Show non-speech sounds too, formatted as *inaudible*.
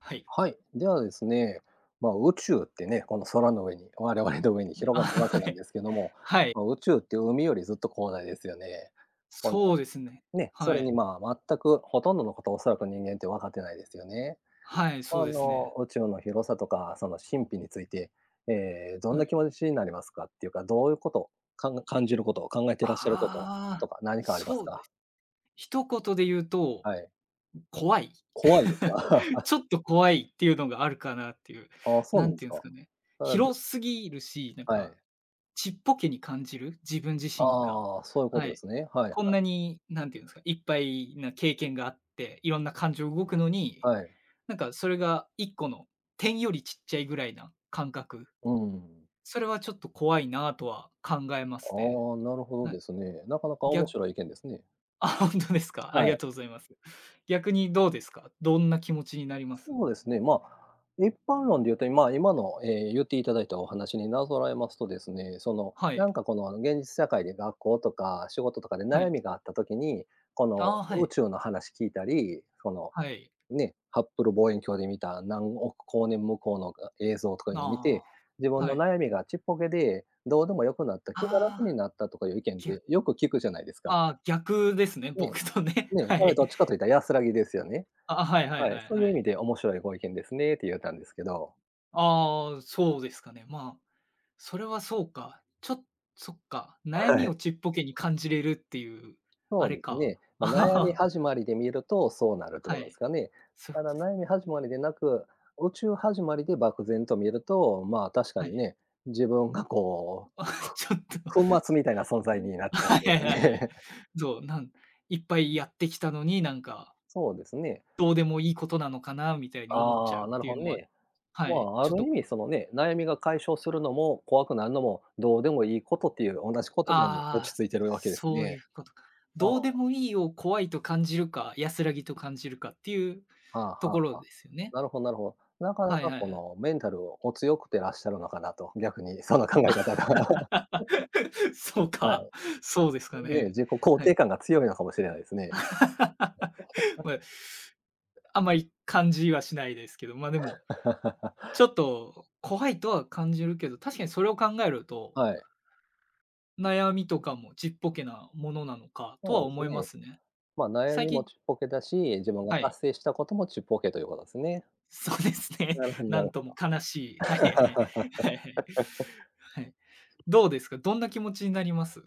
はい。はい、ではですね、ま、宇宙ってね、この空の上に、我々の上に広あ、がって、わけは、なはんい。ですけども、はい。ま、宇宙って海よりずっと広大ですよね。この、そうですね、ね、そはれに、い。まあ、全くほとんどのこと、おそらく人間ってわかってないですよね。はい、そあうですの、ね。宇宙の広さとかその神秘について、ええ、どんはない。気持ちになりますかっていうか、どういうことかん感じること、考えてあ、らっしゃることあとあ、か何かありますそうで、か？一言でゆうと、はい。怖い。怖いんですか？*chuckles* *chuckles* ちょっと怖いってゆうのがあるかなっていう、ああ、そうななんんでてすゆんすか。かね、それは、ど広すぎるし、なんはか、い。ちっぽけに感じる、自分自あ身が、あああ、そういうこはとでい。すね。はいはこんい。なに、なんてゆんすか、いっぱいな経験があって、いろんな感情動くのに、はい。なんかそれが1個の点よりちっちゃいぐらいな感覚。うんうん。それはちょっと怖いなあとは考えますね。ああ、なるほどはでい。すね。なかなかぎ面ゃ白い意見ですね。あ、ほんとですか、あはりがい。とうございます。逆にどうですか、どんな気持ちになります？そうですね、ま、一般論でゆうと、ま、今のええ、ゆっていただいたお話になぞらえますとですね、その、はい。なんかこの現実世界で、学校とか仕事とかでは悩い。みがあった時に、この、ああ、は宇い。宙の話聞いたり、その、はい。ね、ハッブル望遠鏡で見た、何億光年向こうの、が映像とかゆな、うの見あて、自あ、分はのい。悩みがちっぽけでどうでもよくなった、気が楽あにあ。なったとかゆう意見っぎゃてよく聞くじゃないですか。ああ、逆ですね、ね僕とね、え。ねえ、はそれい。どっちかと言った安らぎですよね。あ、ははいはいははいい、そうはいう意い。味で面白いご意見ですねってゆうたんですけど。ああああ、そうですかね、まあ、それはそうか、ちょそっか、悩はみい。をちっぽけに感じれるってゆう、そあうれですか。ね。ま、悩み *laughs* 始まりで見るとそうなるってはことですい、かね。そただ、悩み始まりでなく、宇宙始まりで漠然と見ると、まあ、確かはにい。ね、自分がこあ、はう、い、ちょっと、ふ粉末みたいな存在になっちゃうはといいうはいかはいはい。ね。そう、なんいっぱいやってきたのに、なんかそうですね。どうでもいいことなのかなみたいに思っちゃあうっあ、なるていほうどのは、ね。はまい、あ、あちょっる意と味そのね、悩みが解消するのも、怖くなるのも、どうでもいいことっていう、おなし言ああ葉に落あちあ、着いているわけですそうゆね。うことか。ああ。どうでもいいを怖いと感じるか、安らぎと感じるかってゆうはあ、とこはあろはあ。ですね。なるほどなるほど。なかなはいかはこい、あ。の、メンタル、お強くてらっしゃるのかなと、逆に、その考え方が。*laughs* *chuckles* そうはい。か、そうですかねえ、ね。自己肯はい。定感が強いのかもしれないですね。*laughs* *laughs* ま、あんま、い感じはしないですけど、ま、でも、ちょ *laughs* っと怖いとは感じるけど、確かにそれを考えると、はい。悩みとかもちっぽけなものなのかとそはうです思いまね。すね。ま、悩最みも近ちっぽけだし、自分がはい。達成したこともちっぽけということすね。そうですね。なるほどななんるほとも悲しい。はいはど。い、はいはい。はい。*laughs* どうですか、どんな気持ちになります？